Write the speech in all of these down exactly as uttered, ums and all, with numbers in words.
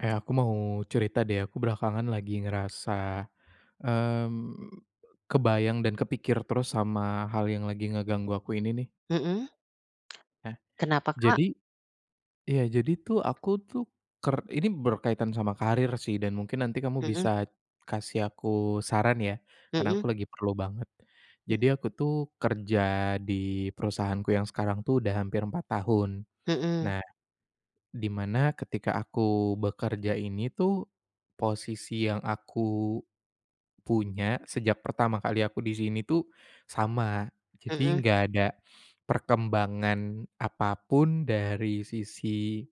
Eh, aku mau cerita deh aku belakangan lagi ngerasa, mmm, kebayang dan kepikir terus sama hal yang lagi ngeganggu aku ini nih. Mhm. Nah, Kenapa Kak? jadi, iya, jadi tuh aku tuh ker ini berkaitan sama karier sih dan mungkin nanti kamu Mhm. bisa kasih aku saran ya karena Mhm. aku lagi perlu banget, Mhm. jadi aku tuh kerja di perusahaanku yang sekarang tuh udah hampir empat tahun, Mhm. nah di mana ketika aku bekerja ini tuh posisi yang aku punya sejak pertama kali aku di sini tuh sama, jadi Mhm. nggak ada perkembangan apa pun dari sisi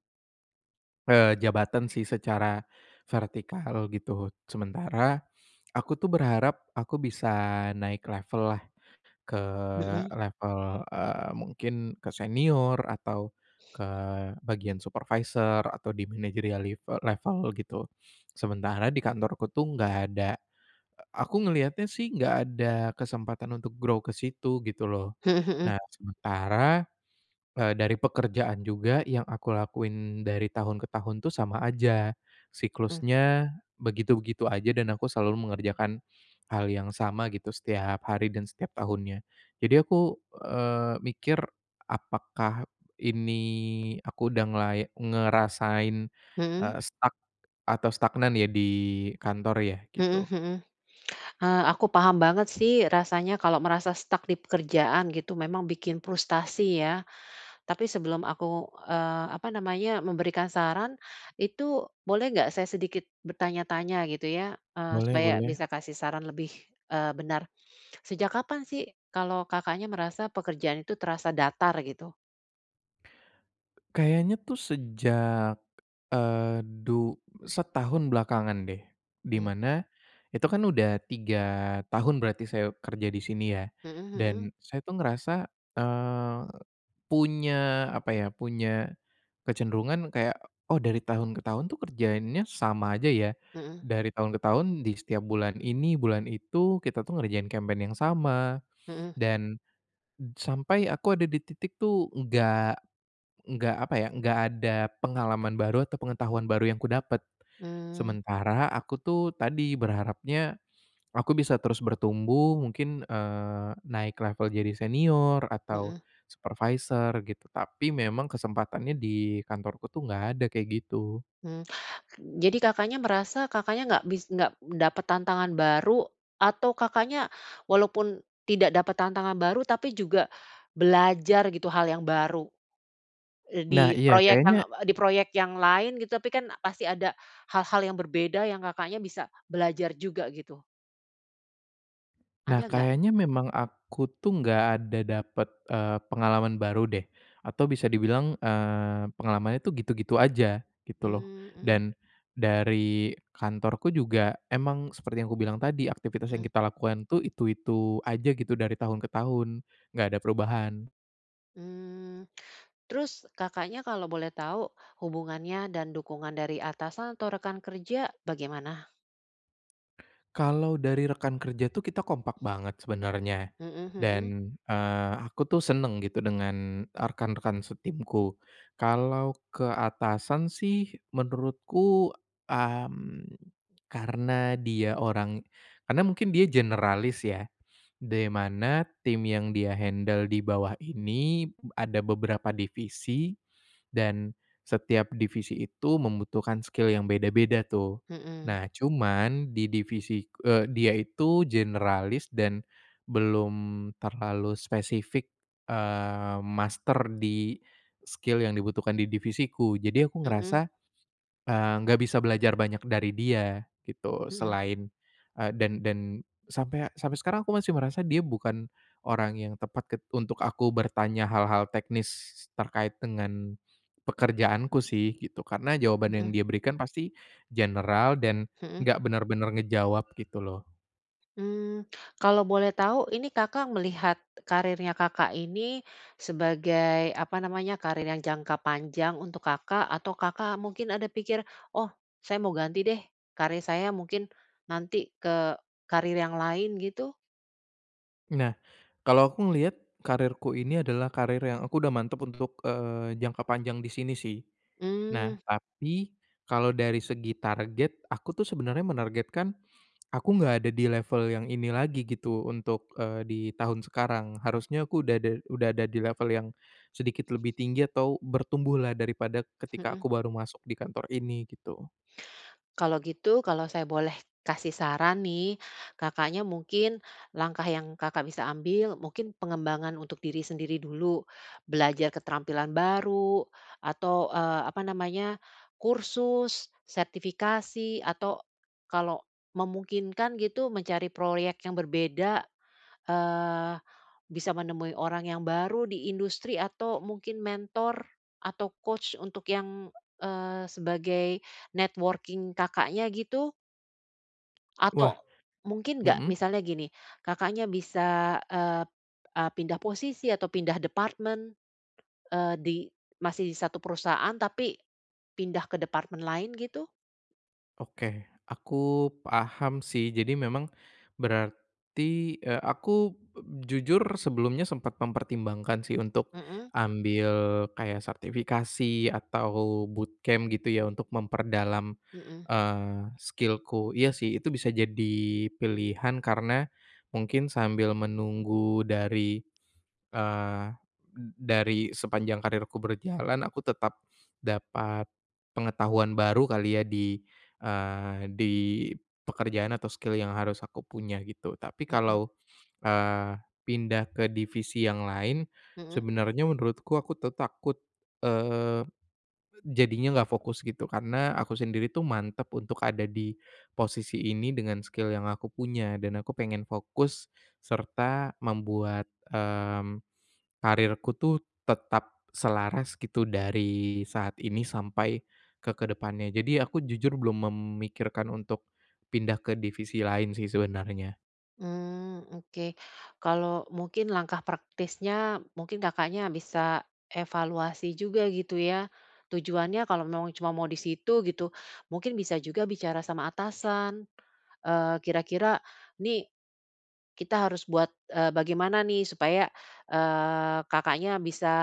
eee, jabatan sih secara vertikal gitu, sementara aku tuh berharap aku bisa naik level-lah ke Mhm. level, eee, mungkin ke senior atau ke bagian supervisor atau di manajerial live level gitu, sementara di kantorku tuh nggak ada aku ngelihatnya sih nggak ada kesempatan untuk grow ke situ, gitu loh. Mhm mhm. Nah, sementara, eee, dari pekerjaan juga yang aku lakuin dari tahun ke tahun tuh sama aja Mmm. siklusnya begitu-begitu aja dan aku selalu mengerjakan hal yang sama gitu setiap hari dan setiap tahunnya. Jadi aku, eee, mikir apakah ini aku udah ngelai ngerasain, Mhm. eee, stuck atau stagnan ya di kantor ya? Mhm Gitu. mhm, eee, aku paham banget sih rasanya kalau merasa stuck di pekerjaan gitu memang bikin frustrasi ya, tapi sebelum aku, eee, apa namanya memberikan saran, itu boleh nggak saya sedikit bertanya-tanya gitu ya, eee, Boleh supaya boleh. bisa kasih saran lebih, eee, benar. Sejak kapan sih kalau Kakaknya merasa pekerjaan itu terasa datar, gitu? Kayaknya tuh sejak, eee, du setahun belakangan deh, di Hmm. mana itu kan udah tiga tahun berarti saya kerja di sini ya, Mhm mhm. dan saya tuh ngerasa, eee, punya apa ya, punya kecenderungan kayak, "Oh, dari tahun ke tahun tuh kerjaannya sama aja ya, Mhm. dari tahun ke tahun di setiap bulan ini, bulan itu, kita tuh ngerjain campaign yang sama," Mhm. dan sampai aku ada di titik tuh nggak nggak apa ya nggak ada pengalaman baru atau pengetahuan baru yang kudapat. Mmm. Sementara aku tuh tadi berharapnya aku bisa terus bertumbuh mungkin, eee, naik level jadi senior atau Mhm. supervisor gitu tapi memang kesempatannya di kantorku tuh, nggak ada kayak gitu. Hmm, jadi Kakaknya merasa Kakaknya nggak bis nggak dapat tantangan baru atau Kakaknya walaupun tidak dapat tantangan baru tapi juga belajar gitu hal yang baru? Eee, di Nah, iya proyek yang kayaknya apa di proyek yang lain gitu tapi kan pasti ada hal-hal yang berbeda yang Kakaknya bisa belajar juga, gitu. Nah, Ada nggak? kayaknya memang aku tuh nggak ada dapat, eee, pengalaman baru deh. Atau bisa dibilang, eee, pengalamannya tuh gitu-gitu aja gitu loh Mmm, mhm. dan dari kantorku juga emang seperti yang kubilang tadi aktivitas yang Mhm. kita lakukan itu itu-itu aja gitu dari tahun ke tahun, nggak ada perubahan. Mmm, terus Kakaknya kalau boleh tahu hubungannya dan dukungan dari atasan atau rekan kerja bagaimana? Kalau dari rekan kerja tuh kita kompak banget sebenarnya Mhm mhm. dan, eee, aku tuh senang gitu dengan, eee, rekan-rekan setimku kalau ke atasan sih menurutku, mmm, karena dia orang karena mungkin dia generalis ya, de mana tim yang dia handle di bawah ini b ada beberapa divisi dan setiap divisi itu membutuhkan skill yang beda-beda tuh. Mhm. Nah, cuman di divisi k eee, dia itu generalis dan belum terlalu spesifik, eee, master di skill yang dibutuhkan di divisiku, jadi aku Mhm. ngerasa, eee, nggak bisa belajar banyak dari dia gitu Mhm. selain, eee, dan dan sampai a sampai sekarang aku masih merasa dia bukan orang yang tepat ket untuk aku bertanya hal-hal teknis terkait dengan pekerjaanku sih gitu, karena jawaban yang Mhm. dia berikan pasti general dan Mhm. nggak benar-benar ngejawab gitu loh. Mmm, kalau boleh tau ini Kakak melihat kariernya Kakak ini sebagai apa namanya, karier yang jangka panjang untuk Kakak atau Kakak mungkin ada pikir, "Oh, saya mau ganti deh, karier saya mungkin nanti ke karir yang lain," gitu? Nah, kalau aku ngelihat karierku ini adalah karir yang aku udah mantap untuk, eee, jangka panjang di sini sih. Nah, Mmm. tapi kalau dari segi target aku tuh sebenarnya menargetkan aku nggak ada di level yang ini lagi gitu untuk, eee, di tahun sekarang, harusnya aku udah da udah ada di level yang sedikit lebih tinggi atau bertumbuhlah daripada ketika Mhm. aku baru masuk di kantor ini, gitu. Kalau gitu kalau saya boleh kasih saran nih, Kakaknya mungkin langkah yang Kakak bisa ambil mungkin pengembangan untuk diri sendiri dulu, belajar keterampilan baru atau, eee, apa namanya kursus sertifikasi atau kalau memungkinkan gitu mencari proyek yang berbeda, eee, bisa menemui orang yang baru di industri atau mungkin mentor atau coach untuk yang, eee, sebagai networking Kakaknya gitu. Wah. Atau mungkin nggak Mmm. misalnya gini Kakaknya bisa, eee p eee, pindah posisi atau pindah departmen eee, di masih di satu perusahaan tapi pindah ke departemen lain gitu? Oke, aku paham sih, jadi memang berarti, eee, aku, eee, jujur sebelumnya sempat mempertimbangkan sih untuk Mhm. ambil kayak sertifikasi atau bootcamp gitu ya untuk memperdalam, Mhm. eee, skill-ku, iya sih itu bisa jadi pilihan karena mungkin sambil menunggu dari, eee, d dari sepanjang karierku berjalan aku tetap dapat pengetahuan baru kali ya di, eee, di pekerjaan atau skill yang harus aku punya, gitu. Tapi Mhm. kalau, eee, pindah ke divisi yang lain Mhm. sebenarnya menurutku aku tuh takut, eee, jadinya nggak fokus gitu, karena aku sendiri tuh mantap untuk ada di posisi ini dengan skill yang aku punya dan aku pengen fokus serta membuat, mmm, karierku tuh tetap selaras gitu dari saat ini sampai ke ke depannya, jadi aku jujur belum memikirkan untuk pindah ke divisi lain sih sebenarnya. Mmm, oke kalau mungkin langkah praktisnya mungkin Kakaknya bisa evaluasi juga gitu ya, tujuannya kalau memang cuma mau di situ gitu mungkin bisa juga bicara sama atasan, eee, kira-kira nih kita harus buat, eee, bagaimana nih supaya, eee, Kakaknya bisa,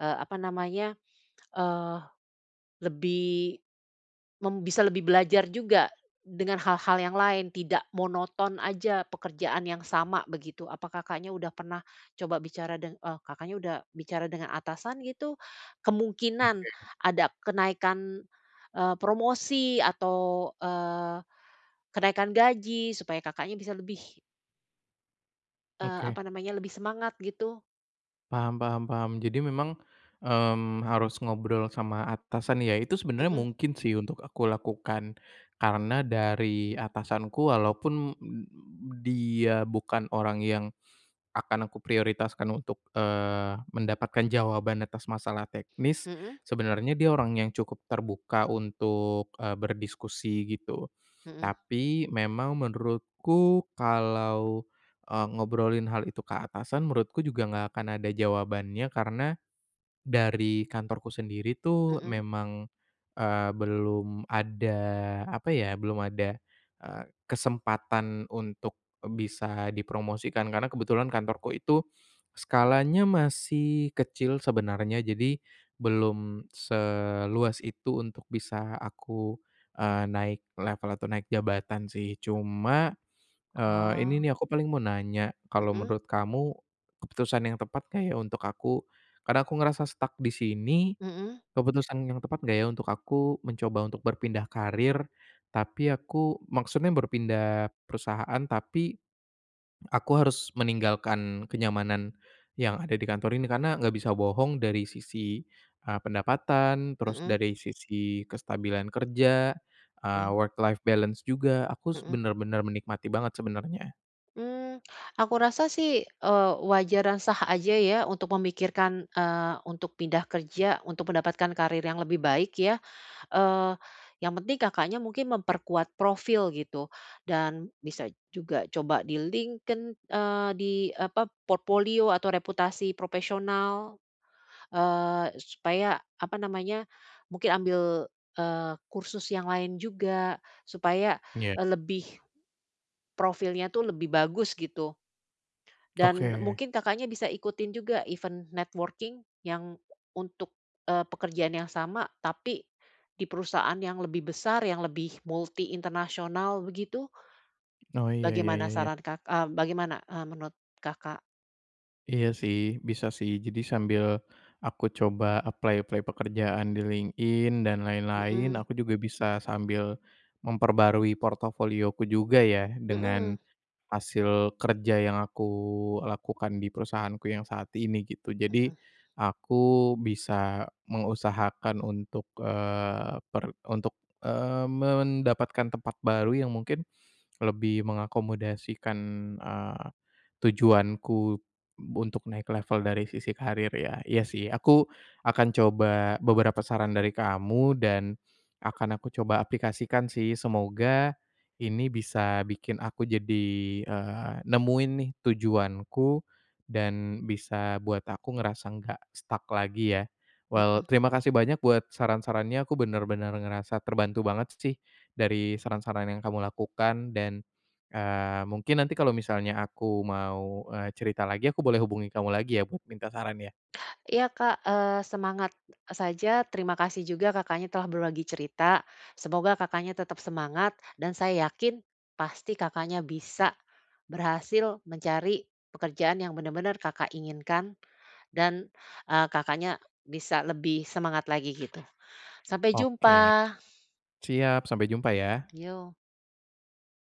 eee, apa namanya, eee, lebih mem bisa lebih belajar juga dengan hal-hal yang lain tidak monoton aja pekerjaan yang sama begitu. Apa Kakaknya udah pernah coba bicara deng eee, Kakaknya udah bicara dengan atasan gitu? Kemungkinan Oke. ada kenaikan, eee, promosi atau, eee, kenaikan gaji supaya Kakaknya bisa lebih eee, Oke. apa namanya lebih semangat gitu? Paham paham paham, jadi memang, mmm, harus ngobrol sama atasan, ya itu sebenarnya Mhm. mungkin sih untuk aku lakukan karena dari atasanku walaupun dia bukan orang yang akan aku prioritaskan untuk, eee, mendapatkan jawaban atas masalah teknis Mhm. sebenarnya dia orang yang cukup terbuka untuk, eee, berdiskusi gitu, Mhm. tapi memang menurutku kalau, eee, ngobrolin hal itu ke atasan menurutku juga nggak akan ada jawabannya, karena dari kantorku sendiri tuh Mhm. memang, eee, belum ada apa ya, belum ada, eee, kesempatan untuk bisa dipromosikan karena kebetulan kantorku itu skalanya masih kecil sebenarnya jadi belum seluas itu untuk bisa aku, eee, naik level atau naik jabatan sih cuma, eee, ini Wow. nih aku paling mau nanya kalau Mhm. menurut kamu keputusan yang tepat nggak ya untuk aku? Karena aku ngerasa stuck di sini, Mhm. keputusan yang tepat nggak ya untuk aku mencoba untuk berpindah karir, tapi aku maksudnya berpindah perusahaan tapi aku harus meninggalkan kenyamanan yang ada di kantor ini karena nggak bisa bohong dari sisi, eee, pendapatan terus Mhm. dari sisi kestabilan kerja, eee, Mmm. work-life balance juga aku s Mhm. benar-benar menikmati banget sebenarnya. Mmm, aku rasa sih, eee, wajar dan sah aja ya untuk memikirkan, eee, untuk pindah kerja untuk mendapatkan karier yang lebih baik ya, eee, yang penting Kakaknya mungkin memperkuat profil gitu dan bisa juga coba di LinkedIn eee, di apa p portpolio atau reputasi profesional, eee, supaya apa namanya mungkin ambil, eee, kursus yang lain juga supaya, Iya. eee, lebih, profilnya tuh lebih bagus, gitu. Dan Oke. mungkin Kakaknya bisa ikutin juga event networking yang untuk, eee, pekerjaan yang sama tapi di perusahaan yang lebih besar yang lebih multi international begitu? Oh, iya ya Bagaimana ya ya. saran Kak eee bagaimana, eee, menurut Kakak? Iya, sih bisa sih jadi sambil aku coba apply-apply pekerjaan di LinkedIn dan lain-lain Mhm. aku juga bisa sambil memperbarui portofolioku juga ya dengan Mhm. hasil kerja yang aku lakukan di perusahaanku yang saat ini, gitu. Jadi Mhm. aku bisa mengusahakan untuk, eee, per untuk eee mendapatkan tempat baru yang mungkin lebih mengakomodasikan, eee, tujuanku untuk naik level dari sisi karier ya. Iya sih aku akan coba beberapa saran dari kamu dan akan aku coba aplikasikan sih semoga ini bisa bikin aku jadi, eee, nemuin nih tujuanku dan bisa buat aku ngerasa nggak stuck lagi ya. Well, Mhm. terima kasih banyak buat saran-sarannya aku benar-benar ngerasa terbantu banget sih dari saran-saran yang kamu lakukan dan, eee, mungkin nanti kalau misalnya aku mau, eee, cerita lagi aku boleh hubungi kamu lagi ya buat minta sarannya? Iya Kak, eee, semangat, eee, saja, terima kasih juga Kakaknya telah berbagi cerita. Semoga Kakaknya tetap semangat dan saya yakin pasti Kakaknya bisa berhasil mencari pekerjaan yang benar-benar Kakak inginkan dan, eee, Kakaknya bisa lebih semangat lagi, gitu. Sampai Oke. jumpa. Siap, sampai jumpa ya. Yo.